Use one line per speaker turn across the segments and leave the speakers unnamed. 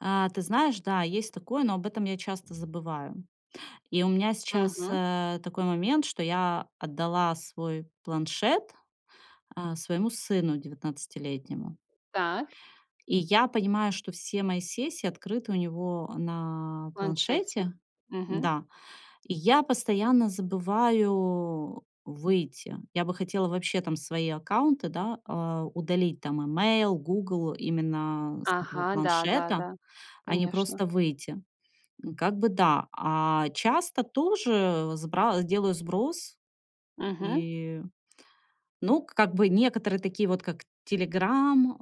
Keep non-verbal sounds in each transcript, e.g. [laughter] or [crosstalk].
А, ты знаешь, да, есть такое, но об этом я часто забываю. И у меня сейчас,
Мгм.
э, такой момент, что я отдала свой планшет, э, своему сыну девятнадцатилетнему.
Так.
И я понимаю, что все мои сессии открыты у него на
В планшете.
планшете.
Мгм.
Да. И я постоянно забываю выйти. Я бы хотела вообще там свои аккаунты, да, э, удалить- там имейл, "Гугл"- именно с этого
Ага,
планшета,
да-да-да,
а не
конечно.
просто выйти. Как бы да. А часто тоже сбра делаю сброс.
Мгм.
И, ну, как бы некоторые, такие вот как "Телеграм",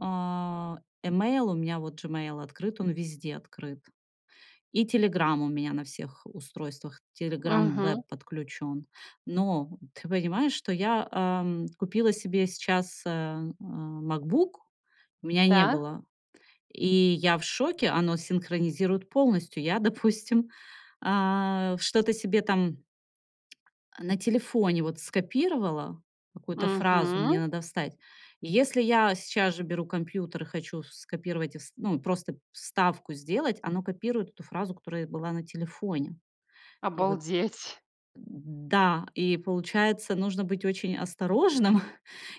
э, имейл. У меня вот Gmail открыт, он везде открыт. И "Телеграм" у меня на всех устройствах, "Телеграм
Мгм.
Веб" подключён. Но, ты понимаешь, что я, эм, купила себе сейчас, э, э, "МакБук", у меня не
Так.
было, и я в шоке, оно синхронизирует полностью. Я, допустим, э, что-то себе там [tsk] на телефоне вот скопировала, какую-то фразу мне
Мгм.
надо вставить. И если я сейчас же беру компьютер и хочу ф скопировать и вст ну, просто вставку сделать, оно копирует эту фразу, которая была на телефоне. И вот
Обалдеть!
Да, и получается, нужно быть очень осторожным,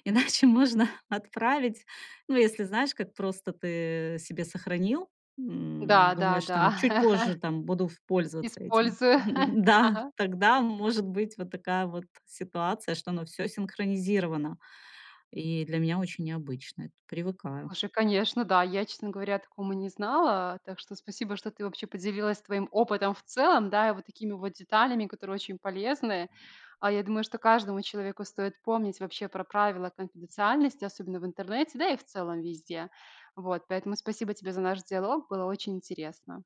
иначе можно отправить. Ну, если знаешь, как просто ты себе сохранил, м, думаешь там, чуть
Да-да-да.
позже
[laughs]
там буду ф пользоваться этим.
Использую. [chuckles]
Да!
Ага.
Тогда может быть вот такая вот ситуация, что оно всё синхронизировано. И для меня очень необычно эт Привыкаю.
Слушай, конечно, да. Я, честно говоря, о таком и не знала. Так что спасибо, что ты вообще поделилась своим опытом в целом, да, и вот такими вот деталями, которые очень полезны. А, я думаю, что каждому человеку стоит помнить вообще про правила конфиденциальности, особенно в интернете. Да и в целом везде! Вот. Поэтому спасибо тебе за наш диалог, было очень интересно.